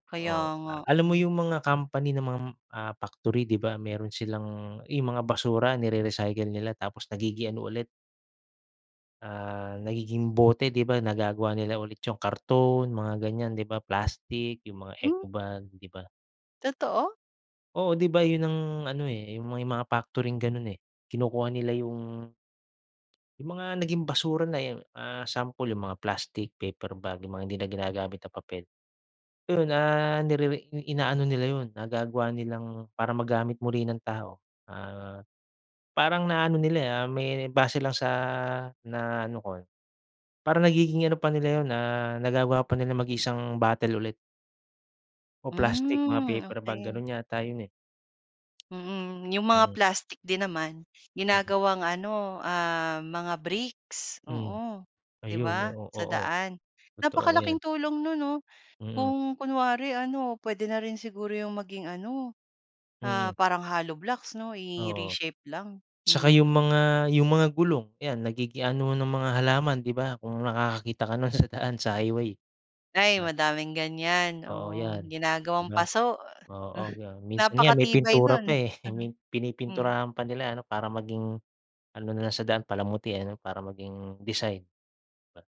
Kaya Oo, nga, alam mo hmm. 'yung mga company ng mga, ah, factory, 'di ba, mayro'n silang 'yung mga basura, nire-recycle nila tapos nagiging ano ulit ah, nagiging bote, 'di ba. Nagagawa nila ulit 'yung karton, mga ganyan 'di ba, plastic, 'yung mga Hmm. eco-bag, 'di ba? Totoo? Oo, 'di ba 'yun ang ano eh, eh 'yung may mga factory na ganun eh. Kinukuha nila 'yung 'yung mga naging basura na 'yan ah, sample 'yung mga plastic, paper bag, 'yung mga hindi na ginagamit na papel. 'Yun, ah, nirere inaano nila 'yun, nagagawa nilang para magamit muli ng tao. Ah, parang na ano nila, ah, may base lang sa na ano ko. Parang nagiging ano pa nila yun, ah, nagagawa pa nila maging isang bottle ulit. O plastic, mga Hmm, paper bag okey. gano'n yata yun, eh. Mm, 'yong mga Hmm. plastic din naman, Mhm. ginagawang ano, ah, mga bricks. Hmm. Oo, 'di Ayun, ba, oo, sa oo. daan. Totoo Napakalaking 'yan. tulong no'n, 'no? Mm. Kung kunwari ano, puwede na rin siguro 'yong maging ano, ah, Mm. parang, hollow blocks, 'no? Oo. I-re-shape lang. Tsaka yung Hmm. mga yung mga gulong, 'yan nagiging anohan ng mga halaman, 'di ba. Kung nakakakita ka no'n sa daan, sa highway. 'Di Ay, ba? madaming ganyan, Oo oo, 'yan, 'di ginagawang ba. paso. Oo yan, minsan nga may Napakatibay pintura no'n. pa eh, Aha. may Hmm. pinipinturahan pa nila ano, para maging ano na lang sa daan palamuti ano, para maging design. Ba?